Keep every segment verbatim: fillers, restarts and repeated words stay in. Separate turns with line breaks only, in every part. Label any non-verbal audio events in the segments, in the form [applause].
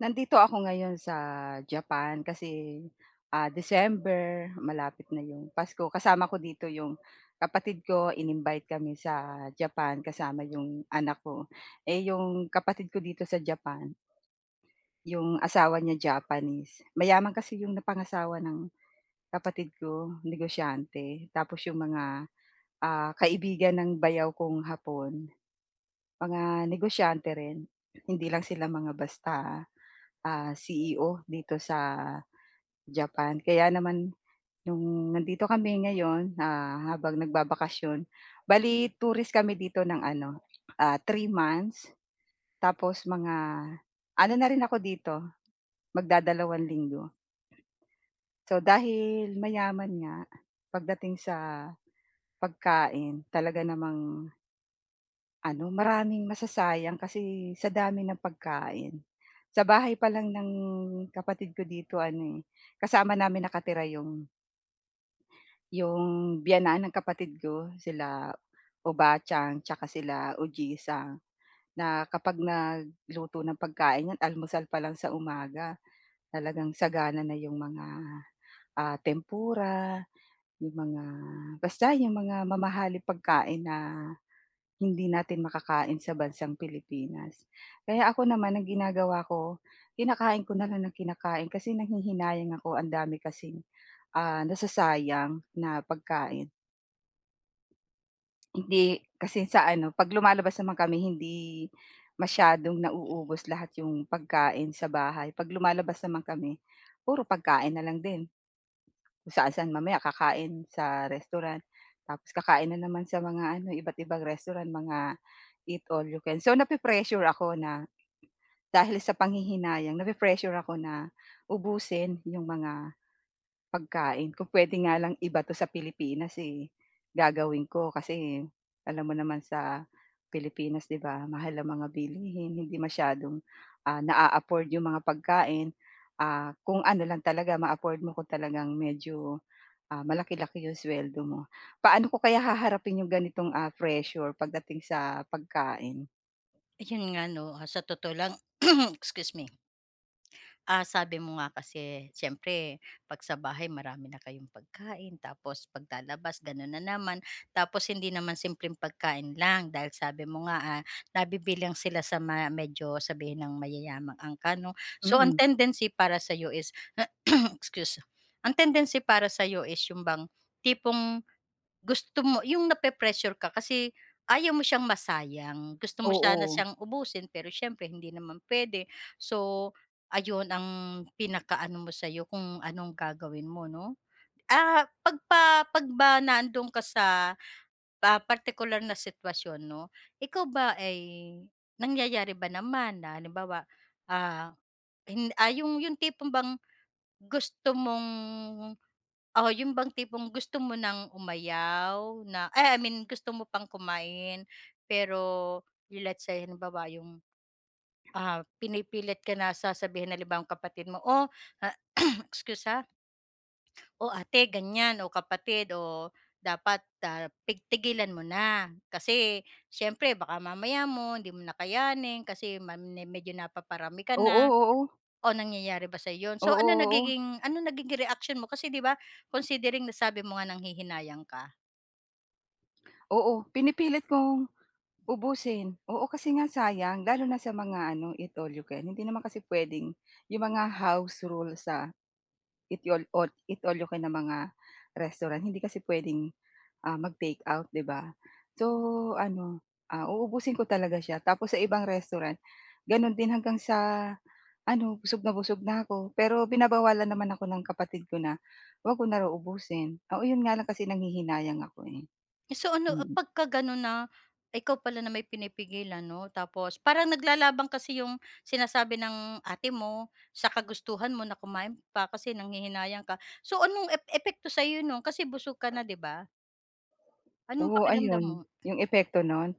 Nandito ako ngayon sa Japan kasi, ah, December malapit na 'yong Pasko kasama ko dito 'yong kapatid ko ininvite kami sa Japan kasama 'yong anak ko. Eh, 'yong kapatid ko dito sa Japan 'yong asawa niya Japanese, mayaman kasi 'yong napangasawa ng kapatid ko, negosyante, tapos 'yong mga, ah, kaibigan ng bayaw kong Hapon mga negosyante rin. Hindi lang sila mga basta, ah, C-E-O dito sa Japan. Kaya naman, 'yong nandito kami ngayon, ah, habang nagbabakasyon, bale tourist kami dito ng ano, ah, three months. Tapos mga ano na rin ako dito, magdadalawang linggo. So dahil mayaman nga pagdating sa pagkain talaga namang ano maraming masasayang kasi sa dami ng pagkain. Sa bahay pa lang ng kapatid ko dito ano, eh, kasama namin nakatira 'yong 'yung biyenan ng kapatid ko sila Obaachan saka sila Ujisa, na kapag nagluto ng pagkain 'yan almusal pa lang sa umaga, talagang sagana na 'yong mga, ah, tempura, 'yong mga basta 'yong mga mamahaling pagkain na hindi natin makakain sa bansang Pilipinas. Kaya ako naman ang ginagawa ko, kinakain ko na lang ng kinakain kasi nanghihinayang ako ang dami kasing, ah, nasasayang na pagkain. Hindi kasi sa ano 'pag lumalabas naman kami hindi masyadong nauubos lahat yung pagkain sa bahay, 'pag lumalabas naman kami puro pagkain na lang din. Kung saan-saan mamaya kakain sa restaurant tapos kakain na naman sa mga ano, iba't-ibang restaurant mga eat-all-you-can so na-pi-pressure ako na dahil sa panghihinayang nape-pressure ako na ubusin 'yong mga pagkain. Kung puwede nga lang ibato sa Pilipinas eh, gagawin ko kasi alam mo naman sa Pilipinas 'di ba, mahal ang mga bilihin hindi masyadong, ah, na-a-afford 'yong mga pagkain, ah, kung ano lang talaga ma-afford mo ko, talagang medyo, ah, malaki-laki yung sweldo mo. Paano ko kaya haharapin yung ganitong, ah, pressure pagdating sa pagkain?
Yun nga 'no, ah, sa totoo lang [clears throat] excuse me. Ah, sabi mo nga kasi, syempre 'pag sa bahay marami na kayong pagkain tapos paglalabas ganun na naman, tapos hindi naman simpleng pagkain lang dahil sabi mo nga, ah, nabibilang sila sa ma medyo sabihin nang mayayamang angkan 'no. So, ang
Mm.
tendency para sa'yo is [clears throat] excuse. Ang tendency para sa'yo is yung bang tipong gusto mo 'yong napre-pressure ka kasi ayaw mo siyang masayang, gusto mo sana
Oo.
siyang ubusin pero siyempre hindi naman pwede so, ayun ang pinaka-ano mo sa'yo, kung anong gagawin mo 'no. Ah, 'pag pa 'pag ba nandoon ka sa partikular na sitwasyon 'no, ikaw ba ay nangyayari ba naman na halimbawa, ah, ah, yung yung tipong bang gusto mong oo yun bang tipong gusto mo nang umayaw na, eh, I mean gusto mo pang kumain, pero let's say halimbawa yung, ah, pinipilit ka na sasabihin ng halibawa kapatid mo o [coughs] excuse ah. O ate ganyan, o kapatid, o dapat, ah, pig tigilan mo na kasi, siyempre baka mamaya mo hindi mo na kayanin kasi ma me medyo napaparami ka
Oo,
na.
oo.
O nangyayari ba sa'yo yun?
Oo,
So ano
oo.
nagiging ano nagiging reaksyon mo kasi 'di ba considering na sabi mo nga nanghihinayang ka?
Oo, pinipilit kong ubusin, oo, kasi nga sayang lalo na sa mga ano, eat all you can, hindi naman kasi puwedeng 'yung mga house rule sa, eat youl all eat all you can na mga restaurant, hindi kasi puwedeng, ah, mag-takeout, 'di ba? So ano, ah, uubusin ko talaga siya, tapos sa ibang restaurant gano'n din hanggang sa ano, busog na busog na ko. Pero binabawalan naman ako ng kapatid ko na, huwag ko na raw ubusin. Oo, 'yon nga lang kasi nanghihinayang ako, eh,
So ano a
mm.
pagkaganon na ikaw pala na may pinipigilan 'no, tapos parang naglalaban kasi 'yung sinasabi ng ate mo, sa kagustuhan mo na kumain pa, kasi nanghihinayang ka. So anong ep epekto sa'yo no'n, kasi busog ka na, 'di ba? Anong
Oo,
pakiramdam
ayon,
mo?
'yong epekto no'n.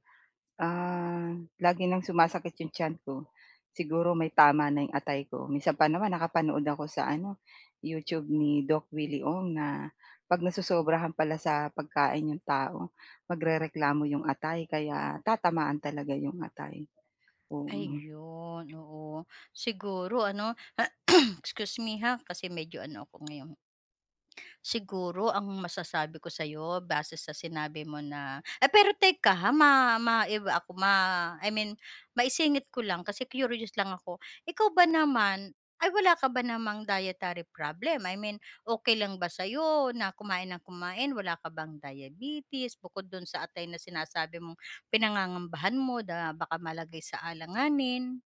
Ah, lagi ng sumasakit 'yong tiyan ko, siguro may tama na 'yong atay ko. Minsan pa naman nakapanood ako sa ano, YouTube ni Doc Willy Ong na 'pag nasosobrahan pala sa pagkain 'yong tao, magrereklamo 'yong atay, kaya tatamaan talaga 'yong atay, oo.
Ayun, oo. Siguro ano, [sneezes] excuse me, ha, kasi medyo ano ako ngayon. Siguro ang masasabi ko sa'yo base sa sinabi mo na eh, pero teka ha, ma maiba ako, ma I mean maisingit ko lang kasi curious lang ako, ikaw ba naman, ay wala ka ba namang dietary problem, I mean okey lang ba sa'yo na kumain nang kumain, wala ka bang diabetes, bukod do'n sa atay na sinasabi mong pinangangambahan mo na baka malagay sa alanganin?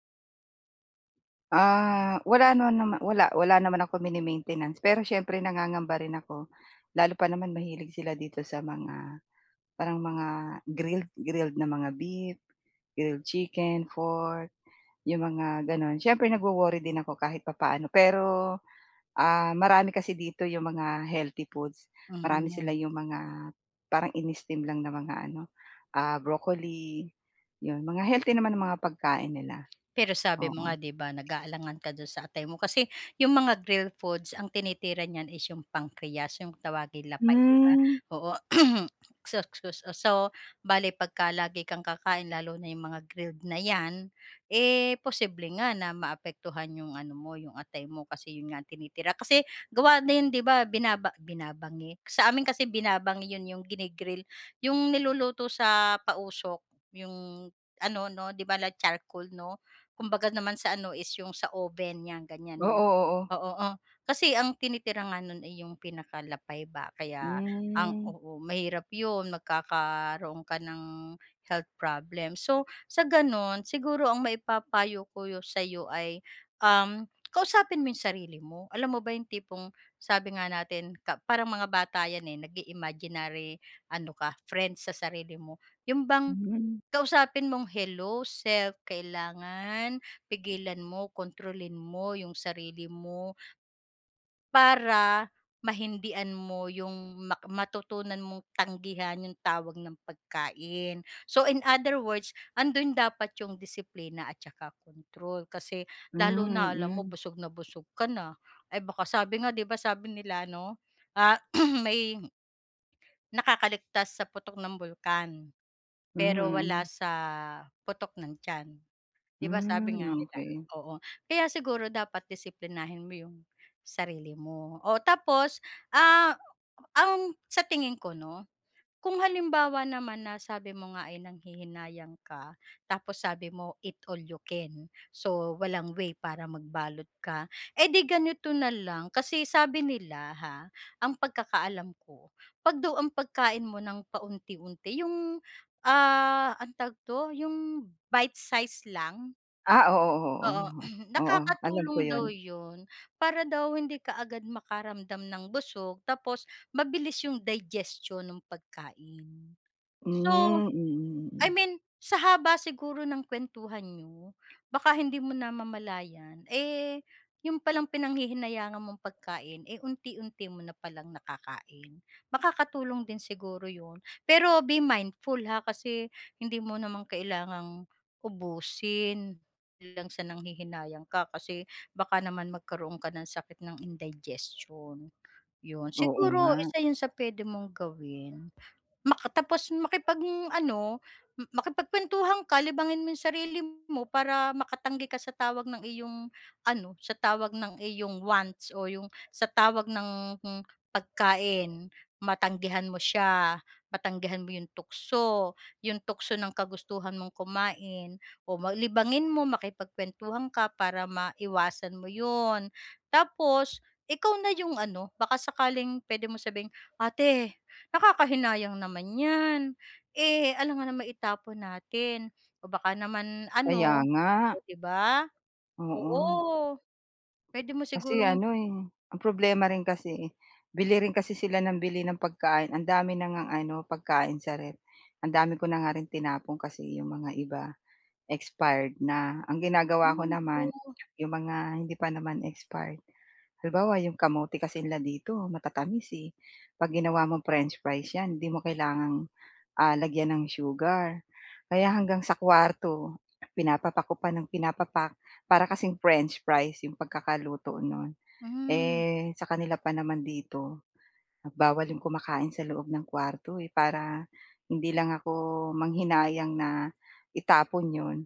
Ah, wala nanaman wala wala naman akong mini-maintenance pero siyempre, nangangamba rin ako lalo pa naman mahilig sila dito sa mga, parang mga grilled grilled na mga beef, grilled chicken, pork, 'yong mga gano'n. Siyempre nagwo-worry din ako kahit papaano, pero, ah, marami kasi dito 'yong mga healthy foods, marami
Hmm.
sila 'yong mga parang ini-steam lang ng mga ano, ah, broccoli, 'yon mga healthy naman ang mga pagkain nila.
Pero sabi mo nga,
Oo.
'di ba, nag-aalangan ka do'n sa atay mo kasi 'yong mga grilled foods, ang tinitira niyan is 'yong pancreas, 'yong tawaging lapay, 'di ba,
Hmm.
oo. [clears throat] So so so so bale, 'pagka lagi kang kakain, lalo na 'yong mga grilled na 'yan, eh posible nga na maapektuhan 'yong ano mo, 'yong atay mo, kasi 'yon nga ang tinitira. Kasi gawa din, 'di ba, binaba binabangi, sa amin kasi binabangi 'yon, 'yong gini-grill, 'yong niluluto sa pausok, 'yong ano 'no, 'di ba like charcoal 'no. Kumbaga naman sa ano, is 'yong sa oven nyan, ganyan
Oo,
'no,
oo.
oo. Oh, kasi ang tinitira nga no'n ay 'yong pinakalapay ba, kaya ang
Hmm.
oo, mahirap 'yon, magkakaroon ka ng health problems. So sa ganon, siguro ang maipapayo ko sayo ay, um, kausapin mo yung sarili mo. Alam mo ba yung tipong sabi nga natin, ka parang mga bata yan eh, nag-i-imaginary ano ka, friends sa sarili mo. Yun bang
Hmm.
kausapin mong, hello self, kailangan pigilan mo, kontrolin mo yung sarili mo para mahindian mo yung mak matutunan mong tanggihan yung tawag ng pagkain. So in other words, andun dapat yung disiplina at saka kontrol, kasi lalo
Hmm,
na alam mo,
mm.
busog na busog ka na, eh baka sabi nga 'di ba, sabi nila ano, ah, [clears throat] may nakakaligtas sa putok ng bulkan
Hmm,
pero, wala
mm.
sa putok ng tiyan, 'di ba, sabi
Hmm,
nga nila,
okey.
oo. Kaya siguro dapat disiplinahin mo yung sarili mo, o tapos, ah, ang sa tingin ko 'no, kung halimbawa naman na sabi mo nga ay nanghihinayang ka, tapos sabi mo eat-all-you-can, so walang way para magbalot ka, edi ganito na lang, kasi sabi nila ha, ang pagkakaalam ko, 'pag daw ang pagkain mo ng paunti-unti, yung ah, anong tawag dito, yung bite-size lang.
Ah, oo, oo,
Oo,
o.
[clears throat]
Oo, alam ko
nakakatulong
'yun.
daw 'yun, para daw hindi kaagad makaramdam ng busog tapos mabilis 'yung digestion nung pagkain. So,
Hmm, mm,
I
mm.
mean sa haba siguro ng kuwentuhan niyo baka hindi mo namamalayan, eh, 'yon palang pinanghihinayangan mong pagkain, eh, unti-unti mo na palang nakakain. Makakatulong din siguro 'yon, pero be mindful, ha, kasi hindi mo naman kailangang ubusin, hindi lang sa nanghihinayang ka, kasi baka naman magkaroon ka ng sakit ng indigestion. 'Yun,
Oo
siguro,
nga.
isa 'yun sa puwede mong gawin. Maka tapos, makipag-ano, makipagkuwentuhan ka, libangin mo 'yung sarili mo para makatanggi ka sa tawag ng iyong ano, sa tawag ng iyong wants o 'yung sa tawag ng pagkain, matanggihan mo siya, matanggihan mo 'yong tukso, 'yong tukso ng kagustuhan mong kumain o ma libangin mo makipagkuwentuhan ka para maiwasan mo 'yon. Tapos ikaw na 'yong ano, baka sakaling puwede mo sabihing, "ate nakakahinayang naman 'yan, eh, alangan namang itapon natin," o baka naman
Kaya
ano,
nga.
o 'di ba?
Oo.
Oo, puwede mo
Kasi
sigurong
ano, eh, ang problema rin kasi, eh, bili rin kasi sila ng bili ng pagkain, ang dami na ngang ano pagkain sa ref, ang dami ko na nga rin tinapon kasi 'yong mga iba, expired na. Ang ginagawa ko naman,
[unintelligible]
'yong mga hindi pa naman expired, halimbawa 'yong kamote kasi nila dito matatamis, eh, 'pag ginawa mong french fries 'yan hindi mo kailangang, ah, lagyan ng sugar, kaya hanggang sa kuwarto, pinapapak ko pa ng pinapapak, para kasing french fries 'yong pagkakaluto no'n.
Hmm.
Eh, sa kanila pa naman dito bawal 'yong kumakain sa loob ng kuwarto, eh, para hindi lang ako manghinayang na itapon 'yon,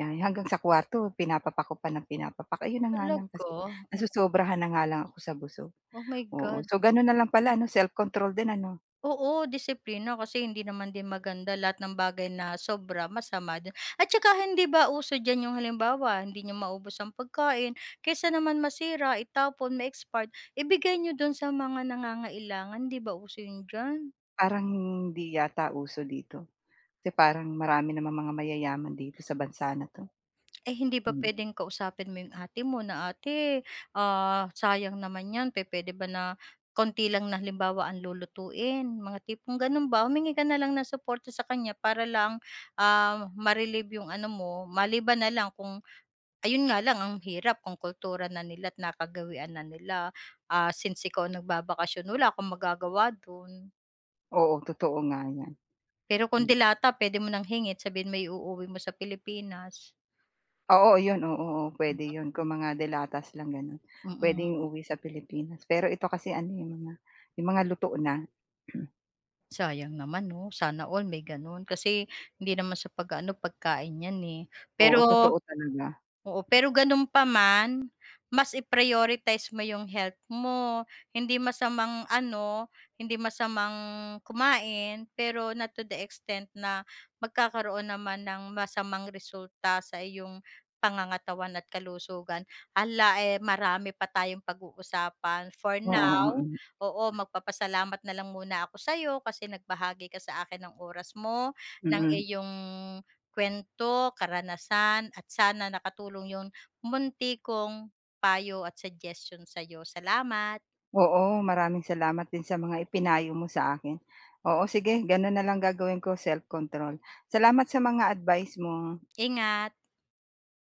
ah, hanggang sa kuwarto pinapapak ko pa ng pinapapak, ayon na nga lang
Talaga?
kasi
O
nasosobrahan na nga lang ako sa busog,
Oh, my
oo.
God.
So gano'n na lang pala ano self-control din ano.
Oo, disiplina kasi hindi naman din maganda lahat ng bagay na sobra masama din. At saka hindi ba uso diyan 'yung halimbawa hindi niyo maubos ang pagkain kaysa naman masira, itapon, ma-expired, ibigay niyo do'n sa mga nangangailangan, 'di ba uso 'yun diyan?
Parang, hindi yata uso dito, kasi parang, marami namang mga mayayaman dito sa bansa na 'to.
Ay, hindi ba
Hmm.
puwedeng kausapin mo 'yong ate mo na, "Ate, ah, sayang naman 'yan, pupuwede ba na konti lang, na halimbawa ang lulutuin", mga tipong gao'n ba. Humingi ka na lang ng suporta sa kanya para lang, ah, ma-relieve 'yong ano mo, maliban na lang kung ayun nga lang, ang hirap kung kultura na nila't nakagawian na nila, ah, since ikaw ang nagbabakasyon, wala kang magagawa do'n.
Oo, totoo nga yan,
Pero kung
hmm.
delata, puwede mo nang hingin, sabihin mo iuuwi mo sa Pilipinas.
Oo, 'yon, oo, oo, puwede
Mm.
'yon, kung mga de-latas lang gano'n.
Mm.
Puwedeng iuwi sa Pilipinas, pero ito kasi ano 'yong mga, 'yong mga luto na. [clears throat]
Sayang naman, 'no, sana all may gano'n. Kasi, hindi naman sa pag-ano, pagkain yan, eh.
Oo,
Pero
totoo talaga.
oo, pero, gano'n pa man, mas i-prioritize mo 'yong health mo. Hindi masamang ano, hindi masamang kumain, pero not to the extent, na magkakaroon naman ng masamang resulta sa iyong pangangatawan at kalusugan. Alla, eh, marami pa tayong pag-uusapan, for
Oo,
now,
oo.
oo, magpapasalamat na lang muna ako sa'yo, kasi nagbahagi ka sa akin ng oras mo, ng
Mm.
iyong kuwento, karanasan, at sana nakatulong 'yong, munti kong payo at suggestion sa'yo, salamat.
Oo, maraming salamat din sa mga ipinayo mo sa akin. Oo, sige, gano'n na lang gagawin ko, self-control. Salamat sa mga advice mo.
Ingat.